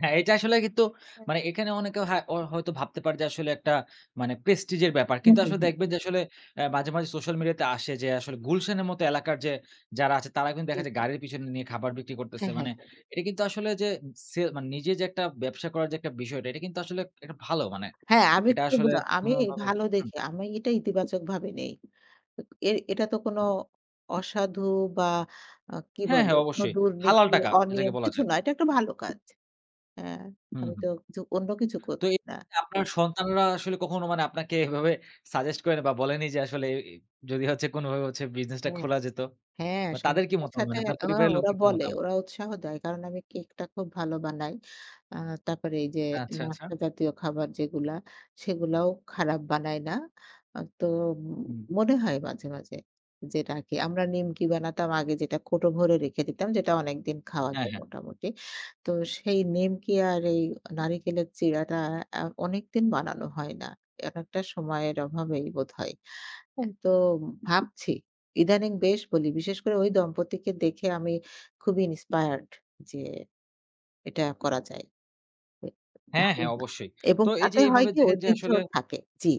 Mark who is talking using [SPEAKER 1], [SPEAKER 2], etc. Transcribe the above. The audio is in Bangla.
[SPEAKER 1] হ্যাঁ, এটা আসলে কিন্তু
[SPEAKER 2] হ্যাঁ।
[SPEAKER 1] মানে এখানে অনেকে হা হয়তো ভাবতে পারে যে আসলে একটা মানে প্রেস্টিজ এর ব্যাপার।
[SPEAKER 2] হুম,
[SPEAKER 1] কিন্তু
[SPEAKER 2] হুম,
[SPEAKER 1] আসলে
[SPEAKER 2] হুম।
[SPEAKER 1] দেখবেন যে আসলে আ মাঝে, মাঝে সোশ্যাল মিডিয়া তে আসে যে আসলে, গুলশানের মত এলাকার যে যারা আছে তারা কিন্তু
[SPEAKER 2] জী,
[SPEAKER 1] দেখা যায়
[SPEAKER 2] জী।
[SPEAKER 1] গাড়ির পেছনে নিয়ে খাবার বিক্রি করতেছে।
[SPEAKER 2] হ্যাঁ, হ্যাঁ,
[SPEAKER 1] মানে
[SPEAKER 2] হ্যাঁ।
[SPEAKER 1] এটা কিন্তু আসলে যে ছে মানে নিজে যে একটা ব্যবসা করার যে একটা বিষয়টা এটা কিন্তু আসলে একটা ভালো, মানে
[SPEAKER 2] হ্যাঁ, আমি
[SPEAKER 1] এটা
[SPEAKER 2] খুব
[SPEAKER 1] আসলে
[SPEAKER 2] অ্যা আমি
[SPEAKER 1] কোনোভাবে
[SPEAKER 2] ভালো
[SPEAKER 1] হুম।
[SPEAKER 2] দেখে, আমি এটা ইতিবাচকভাবে নেই। উক এ এটা তো কোন
[SPEAKER 1] উব।
[SPEAKER 2] অসাধু বা আ কি
[SPEAKER 1] হ্যাঁ,
[SPEAKER 2] বলে?
[SPEAKER 1] হ্যাঁ
[SPEAKER 2] কোন
[SPEAKER 1] অবশ্যই। হালাল
[SPEAKER 2] দুর্নীতি
[SPEAKER 1] টাকা এটাকে
[SPEAKER 2] অনিয়ম
[SPEAKER 1] বলা
[SPEAKER 2] কিছু
[SPEAKER 1] যায়।
[SPEAKER 2] না। এটা একটা ভালো কাজ হ্যাঁ
[SPEAKER 1] হুম,
[SPEAKER 2] আমি
[SPEAKER 1] হুম।
[SPEAKER 2] তো জু অন্য কিছু
[SPEAKER 1] তো এ
[SPEAKER 2] করছি না।
[SPEAKER 1] আপনার সন্তানরা আসলে কখনো মানে আপনাকে এভাবে সাজেস্ট করেনি? বা বলেনি যে আসলে অ্যা যদি হচ্ছে কোনভাবে হচ্ছে বিজনেসটা
[SPEAKER 2] হ্যাঁ,
[SPEAKER 1] খোলা যেত?
[SPEAKER 2] হ্যাঁ।
[SPEAKER 1] বা তাদের কি
[SPEAKER 2] সন্তানদের
[SPEAKER 1] মতামত?
[SPEAKER 2] সাথে
[SPEAKER 1] মানে আপনার
[SPEAKER 2] অ
[SPEAKER 1] পরিবারের
[SPEAKER 2] ওরা
[SPEAKER 1] লোকদের কি
[SPEAKER 2] বলে
[SPEAKER 1] মতামত?
[SPEAKER 2] ওরা উৎসাহ দেয়। কারণ আমি কেকটা খুব ভালো বানাই। আ তারপরে এই যে
[SPEAKER 1] আচ্ছা, আচ্ছা।
[SPEAKER 2] নাস্তা জাতীয় খাবার যেগুলা, সেগুলাও খারাপ বানাই না। আ তো ম
[SPEAKER 1] হুম।
[SPEAKER 2] মনে হয় মাঝে, মাঝে যে এটা কি আমরা নিমকি বানাতাম আগে যেটা কৌটো ভরে রেখে দিতাম যেটা অনেকদিন খাওয়া
[SPEAKER 1] হ্যাঁ,
[SPEAKER 2] যায়
[SPEAKER 1] হ্যাঁ।
[SPEAKER 2] মোটামুটি। তো সেই নিমকি আর এই নারিকলের চিড়াটা আ অনেকদিন বানানো হয় না। একএকটা সময়ের অভাবেই বোধহয়। হ্যাঁ? তো ভাবছি, ইদানিং বেশ বলি। বিশেষ করে ওই দম্পতিকে দেখে আমি খুবই Inspired যে এটা করা যায়।
[SPEAKER 1] হ্যাঁ, হ্যাঁ
[SPEAKER 2] [unintelligible]
[SPEAKER 1] অবশ্যই।
[SPEAKER 2] এবং
[SPEAKER 1] তো এই যে
[SPEAKER 2] তাতে হয়
[SPEAKER 1] এভাবে
[SPEAKER 2] কি?
[SPEAKER 1] দেখেন যে আসলে
[SPEAKER 2] ঐতিহ্যও থাকে জ্বি।